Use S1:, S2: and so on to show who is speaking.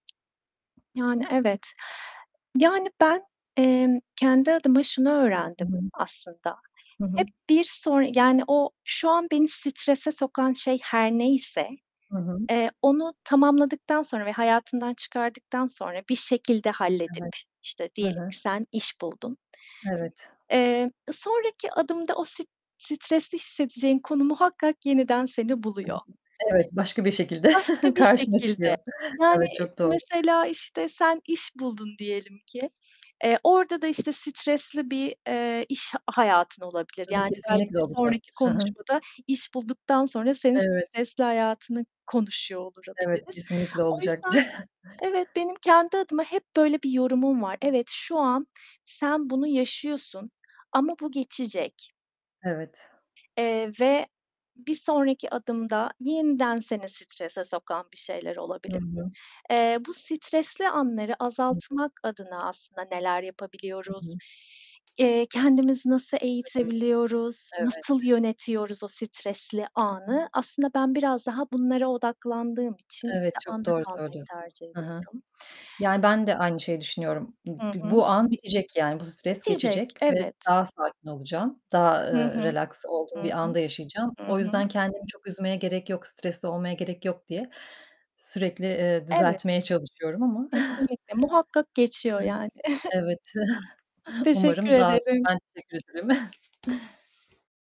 S1: Yani, evet. Yani, ben, emm, kendi adıma şunu
S2: Hı
S1: öğrendim
S2: hı.
S1: aslında.
S2: Hı hı.
S1: Hep bir sonra, yani o şu an beni strese sokan şey her neyse,
S2: Hı hı.
S1: eee, onu tamamladıktan sonra ve hayatından çıkardıktan sonra bir şekilde halledip,
S2: Evet.
S1: işte,
S2: Hı
S1: diyelim
S2: hı.
S1: ki sen iş buldun
S2: Evet!
S1: Emm, ııı, sonraki adımda o st stresli hissedeceğin konu muhakkak yeniden seni buluyor.
S2: [unintelligible] Evet, başka bir şekilde
S1: Başka bir
S2: karşına
S1: şekilde,
S2: çıkıyor.
S1: yani,
S2: Evet, çok doğru.
S1: mesela, işte, sen iş buldun diyelim ki, eee, orada da, işte, stresli bir, eee, iş hayatın olabilir.
S2: Tabii,
S1: Yani belki
S2: kesinlikle
S1: bir sonraki
S2: olacaktır! Hı hı.
S1: konuşmada iş bulduktan sonra senin
S2: Evet.
S1: stresli hayatını konuşuyor
S2: Evet,
S1: olabiliriz.
S2: kesinlikle
S1: O
S2: olacaktır.
S1: yüzden evet, benim kendi adıma hep böyle bir yorumum var: Evet, şu an sen bunu yaşıyorsun ama bu geçecek.
S2: Evet.
S1: Eee, ve bir sonraki adımda yeniden seni strese sokan bir şeyler
S2: Hı
S1: olabilir.
S2: hı.
S1: Eee, bu stresli anları
S2: Hı hı.
S1: azaltmak adına aslında neler
S2: Hı
S1: yapabiliyoruz,
S2: hı.
S1: eee, kendimizi nasıl
S2: Hı hı.
S1: eğitebiliyoruz, nasıl
S2: Evet.
S1: yönetiyoruz o stresli anı? Aslında ben biraz daha bunlara odaklandığım için,
S2: Evet,
S1: işte,
S2: çok
S1: anda
S2: doğru
S1: kalmayı
S2: söylüyorsun.
S1: tercih
S2: Hı hı.
S1: ediyorum.
S2: Yani ben de aynı şeyi düşünüyorum. Bu
S1: Hı
S2: bu
S1: hı.
S2: bu an bitecek yani bu stres
S1: Bitecek.
S2: geçecek ve
S1: Evet.
S2: daha sakin olacağım, daha,
S1: Hı
S2: ııı,
S1: hı.
S2: relaks olduğum
S1: Hı
S2: bir
S1: hı.
S2: anda yaşayacağım.
S1: Hı
S2: O
S1: hı.
S2: yüzden kendimi çok üzmeye gerek yok, stresli olmaya gerek yok diye sürekli, eee,
S1: Evet.
S2: düzeltmeye çalışıyorum ama.
S1: Kesinlikle! Muhakkak geçiyor,
S2: Hı hı.
S1: yani.
S2: Evet,
S1: Çok teşekkür
S2: umarım daha [unintelligible]
S1: ederim!
S2: Ben teşekkür ederim.